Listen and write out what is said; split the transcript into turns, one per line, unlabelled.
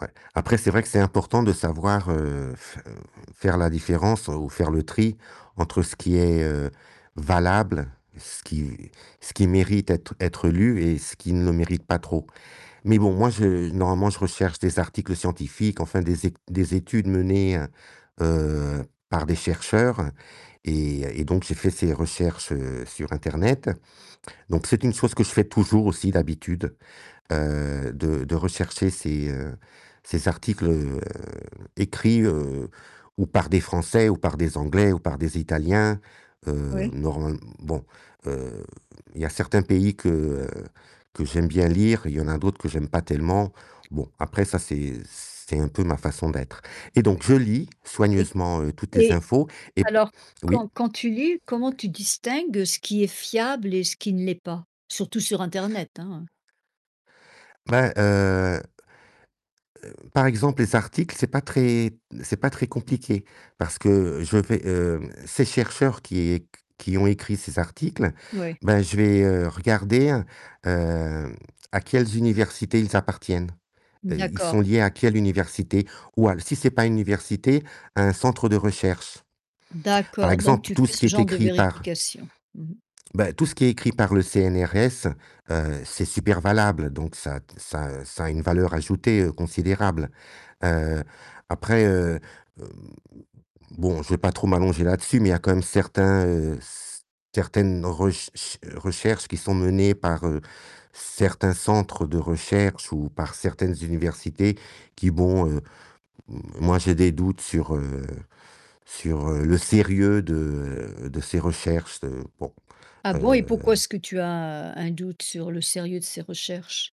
Ouais. Après c'est vrai que c'est important de savoir, heu, f heu heu, faire la différence ou faire le tri entre ce qui est, heu, valable, ce qui ce qui mérite d'être être lu et ce qui ne le mérite pas trop. Mais bon, moi je normalement je recherche des articles scientifiques, enfin des ét des études menées, heu heu, par des chercheurs, et et donc j'ai fait ces recherches, heu, sur internet, donc c'est une chose que je fais toujours aussi d'habitude, heu, de de rechercher ces, heu, ces articles, heu, écrits, heu, ou par des Français ou par des Anglais ou par des Italiens, heu,
Oui.
normal mmh, bon, heu, il y a certains pays que, heu, que j'aime bien lire, il y en a d'autres que j'aime pas tellement, bon après ça c'est c'est un peu ma façon d'être, et
Oui.
donc je lis
Et
soigneusement, heu, toutes les
et,
infos, et p
alors
oui.
quand quand tu lis, comment tu distingues ce qui est fiable et ce qui ne l'est pas? Surtout sur internet hein.
Bah, heu heu, par exemple, les articles, c'est pas très c'est pas très compliqué. Parce que je vais, hem, heu, ces chercheurs qui é q qui ont écrit ces articles,
Ouais.
bah je vais, heu, regarder, hem, à quelles universités ils appartiennent. Heu, ils
D'accord.
sont liés à quelle université, ou al si c'est pas une université, à un centre de recherche. Par
D'accord, donc
exemple,
tu
tout
fais
ce qui
ce
est
genre de
écrit par
vérification. Mmh.
bah tout ce qui est écrit par le CNRS, heu, c'est super valable, donc ça ça ça a une valeur ajoutée, heu, considérable. Heu, après, heu hem, bon, je vais pas trop m'allonger là-dessus, mais il y a quand même certains, heu, c certaines rech ch recherches qui sont menées par, heu, certains centres de recherche ou par certaines universités, qui bon, heu, moi j'ai des doutes sur, heu, sur, heu, le sérieux de de ces recherches, heu, bon
Ah bon? Et pourquoi
heu
est-ce que tu as un doute sur le sérieux de ces recherches?